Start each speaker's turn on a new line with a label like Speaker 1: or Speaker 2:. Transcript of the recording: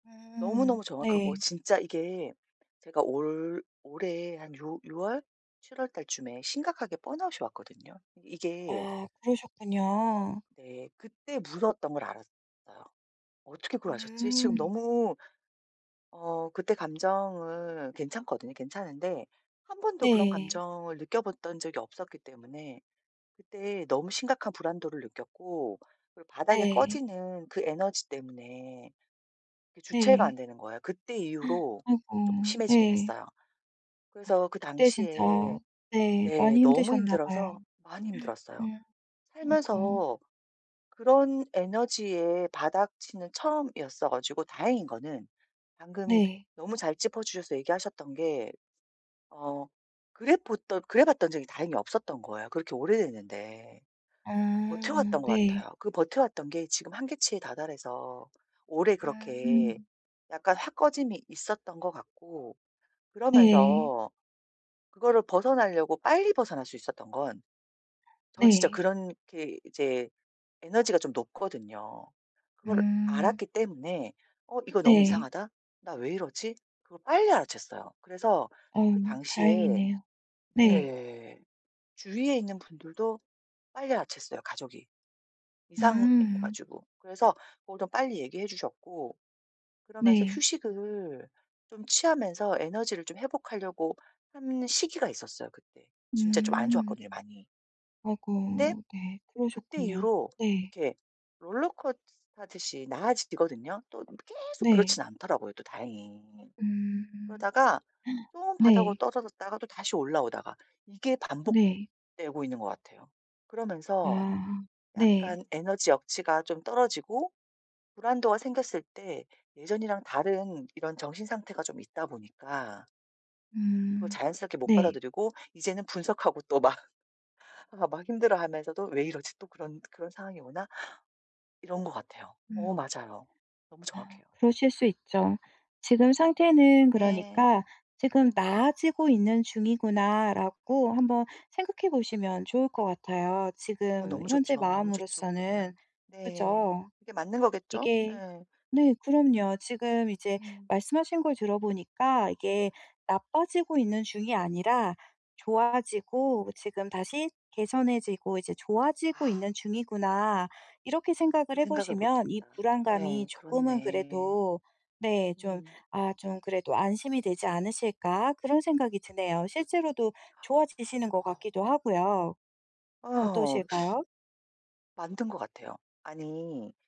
Speaker 1: 음.
Speaker 2: 너무너무 정확하고
Speaker 1: 네.
Speaker 2: 진짜 이게 제가 올 올해 한 6 6 월? 7 월달쯤에 심각하게 번아웃 이 왔거든요. 이게
Speaker 1: 아. 그러셨군요.
Speaker 2: 네. 그때 무서웠던 걸 알았어요. 어떻게 그걸 아셨지? 지금
Speaker 1: 음.
Speaker 2: 너무 어 그때 감정은 괜찮거든요. 괜찮은데 1 번도 그런
Speaker 1: 네.
Speaker 2: 감정을 느껴봤던 적이 없었기 때문에 그때 너무 심각한 불안도를 느꼈고 그리고 바닥에
Speaker 1: 네.
Speaker 2: 꺼지는 그 에너지 때문에 그 주체가 안
Speaker 1: 네.
Speaker 2: 되는 거예요. 그때 이후로 쪼끔
Speaker 1: 아이고.
Speaker 2: 심해지긴
Speaker 1: 네.
Speaker 2: 했어요.
Speaker 1: 어.
Speaker 2: 그래서 그
Speaker 1: 그때 진짜
Speaker 2: 당시에
Speaker 1: 네
Speaker 2: 네.
Speaker 1: 많이
Speaker 2: 너무
Speaker 1: 힘드셨나 봐요.
Speaker 2: 힘들어서 많이 힘들었어요.
Speaker 1: 음. 아이고.
Speaker 2: 살면서 그런 에너지의 바닥 치는 처음이었어 가지고 다행인 거는 방금
Speaker 1: 네.
Speaker 2: 너무 잘 짚어 주셔서 얘기하셨던 게 어 그래봇던 그래봤던 적이 다행히 없었던 거예요 그렇게 오래 됐는데.
Speaker 1: 아.
Speaker 2: 버텨왔던 것
Speaker 1: 네.
Speaker 2: 같아요. 그 버텨왔던 게 지금 한계치에 다 달아서 오래 그렇게
Speaker 1: 아.
Speaker 2: 약간 확 꺼짐이 있었던 것 같고
Speaker 1: 네.
Speaker 2: 그러면서 그거를 벗어나려고 빨리 벗어날 수 있었던 건 저는 진짜
Speaker 1: 네.
Speaker 2: 그렇게 이제 에너지가 좀 높거든요. 그걸
Speaker 1: 음.
Speaker 2: 알았기 때문에 '어 이거 너무
Speaker 1: 네.
Speaker 2: 이상하다. 나 왜 이러지?' 그걸 빨리 알아챘어요. 그래서
Speaker 1: 어.
Speaker 2: 그 당시에
Speaker 1: 다행이네요. 네.
Speaker 2: 네. 주위에 있는 분들도 빨리 알아챘어요 가족이. 이상해
Speaker 1: 음.
Speaker 2: 가지고. 그래서 그걸 좀 빨리 얘기해 주셨고 그러면서
Speaker 1: 네.
Speaker 2: 휴식을 좀 취하면서 에너지를 좀 회복하려고 하는 시기가 있었어요 그때. 진짜 좀 안
Speaker 1: 음.
Speaker 2: 좋았거든요 많이. 근데
Speaker 1: 어고. 네.
Speaker 2: 그때
Speaker 1: 그러셨군요.
Speaker 2: 이후로
Speaker 1: 네.
Speaker 2: 이렇게 롤러코스터 타듯이 나아지거든요. 또 계속
Speaker 1: 네.
Speaker 2: 그렇진 않더라고요 또 다행히.
Speaker 1: 음.
Speaker 2: 그러다가 또 바닥으로
Speaker 1: 네.
Speaker 2: 떨어졌다가 또 다시 올라오다가 이게
Speaker 1: 네.
Speaker 2: 반복되고 있는 것 같아요. 그러면서
Speaker 1: 아. 네.
Speaker 2: 약간 에너지 역치가 좀 떨어지고 불안도가 생겼을 때 예전이랑 다른 이런 정신 상태가 좀 있다 보니까 그걸
Speaker 1: 음.
Speaker 2: 자연스럽게 못
Speaker 1: 네.
Speaker 2: 받아들이고 이제는 분석하고 또 막 아 막 힘들어하면서도 '왜 이러지. 또 그런 그런 상황이 오나?' 이런 것 같아요.
Speaker 1: 음.
Speaker 2: 어 맞아요. 너무
Speaker 1: 아.
Speaker 2: 정확해요.
Speaker 1: 그러실 수 있죠. 지금 상태는
Speaker 2: 네.
Speaker 1: 그러니까 '지금 나아지고 있는 중이구나.'라고 한번 생각해 보시면 좋을 것 같아요
Speaker 2: 어
Speaker 1: 지금
Speaker 2: 너무
Speaker 1: 현재
Speaker 2: 좋죠. 너무 좋죠
Speaker 1: 마음으로서는.
Speaker 2: 그러면. 네.
Speaker 1: 그죠.
Speaker 2: 그게 맞는 거겠죠?
Speaker 1: 이게
Speaker 2: 예.
Speaker 1: 네. 그럼요. 지금 이제
Speaker 2: 음.
Speaker 1: 말씀하신 걸 들어보니까 이게 나빠지고 있는 중이 아니라 '좋아지고 지금 다시 개선해지고 이제 좋아지고
Speaker 2: 아.
Speaker 1: 있는 중이구나.' 이렇게 생각을
Speaker 2: 그
Speaker 1: 해
Speaker 2: 생각을
Speaker 1: 보시면 이
Speaker 2: 못했다.
Speaker 1: 불안감이
Speaker 2: 예.
Speaker 1: 조금은
Speaker 2: 그렇네.
Speaker 1: 그래도 네. 좀
Speaker 2: 음.
Speaker 1: 아 좀 그래도 '안심이 되지 않으실까.' 그런 생각이 드네요. 실제로도 좋아지시는 것
Speaker 2: 아.
Speaker 1: 같기도 하고요.
Speaker 2: 아어.
Speaker 1: 어떠실까요?
Speaker 2: 맞는 것 같아요. 아니